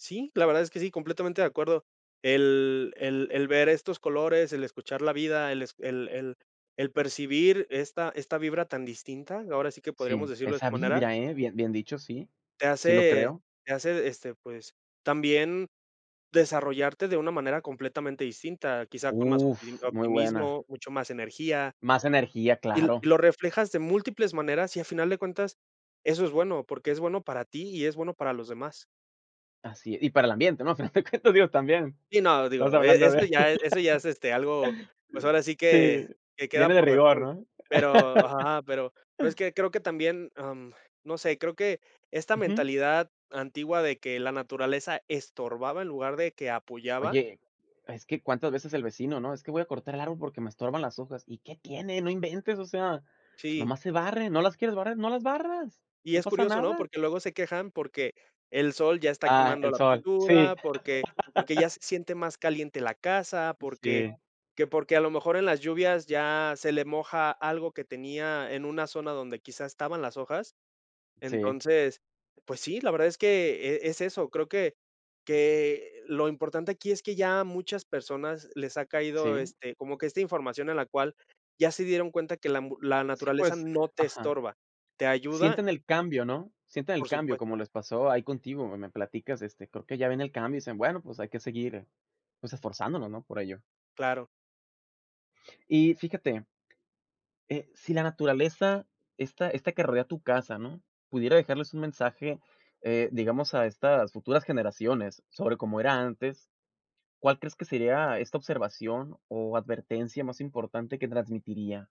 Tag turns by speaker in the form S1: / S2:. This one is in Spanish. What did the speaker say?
S1: Sí, la verdad es que sí, completamente de acuerdo. El el el ver estos colores, el escuchar la vida, el es el el el percibir esta esta vibra tan distinta, ahora sí que podríamos
S2: Sí,
S1: decirlo de esta
S2: esa
S1: manera
S2: vibra, ¿eh? Bien bien dicho, sí.
S1: te
S2: Sí lo
S1: hace
S2: creo.
S1: te hace, este, pues, también desarrollarte de una manera completamente distinta, quizá con más opti
S2: Uf, muy buena.
S1: optimismo, mucho más energía
S2: Más energía,
S1: y l y
S2: claro.
S1: lo reflejas de múltiples maneras, y a final de cuentas eso es bueno, porque es bueno para ti y es bueno para los demás.
S2: Así e Y para el ambiente, ¿no? [unintelligible] digo también,
S1: Y no,
S2: estamos
S1: digo, e
S2: hablando de
S1: eso ya eso ya es, este, algo, pues, ahora sí
S2: Sí,
S1: que que queda
S2: viene de
S1: por
S2: rigor,
S1: default.
S2: ¿no?
S1: Pero ajá, pero pero es que creo que también, am, no sé, creo que esta
S2: Ujú.
S1: mentalidad antigua de que la naturaleza estorbaba en lugar de que apoyaba
S2: Oye, es que, ¿cuántas veces el vecino, no?: “Es que voy a cortar el árbol porque me estorban las hojas". ¿Y qué tiene? No inventes, o sea,
S1: Sí.
S2: nomás se barren. ¿No las quieres barrer? No las barras,
S1: Y
S2: no
S1: es
S2: pasa
S1: curioso, ¿no?
S2: nada.
S1: Porque luego se quejan porque el sol ya está
S2: Ah,
S1: quemando
S2: el
S1: la
S2: sol, sí.
S1: pintura, porque porque ya se siente más caliente la casa, porque
S2: Sí.
S1: que porque a lo mejor en las lluvias ya se le moja algo que tenía en una zona donde, quizá, estaban las hojas.
S2: Sí.
S1: Entonces, pues, sí, la verdad es que e es eso, creo que que lo importante aquí es que ya muchas personas les ha caído,
S2: Sí.
S1: este, como que esta información a la cual ya se dieron cuenta que la ambu la
S2: Sí,
S1: naturaleza
S2: pues, eh
S1: no te
S2: ajá.
S1: estorba, te ayuda
S2: Sienten el cambio, ¿no? Sienten el
S1: Por
S2: cambio,
S1: supuesto.
S2: como les pasó ahí contigo, me platicas, este, creo que ya ven el cambio, y dicen: “Bueno, pues, hay que seguir, pues, esforzándonos", ¿no?, por ello.
S1: Claro.
S2: Y fíjate eh, si la naturaleza esta esta que rodea tu casa, ¿no?, pudiera dejarles un mensaje, eh, digamos, a estas futuras generaciones sobre cómo era antes, ¿cuál crees que sería esta observación o advertencia más importante que transmitiría?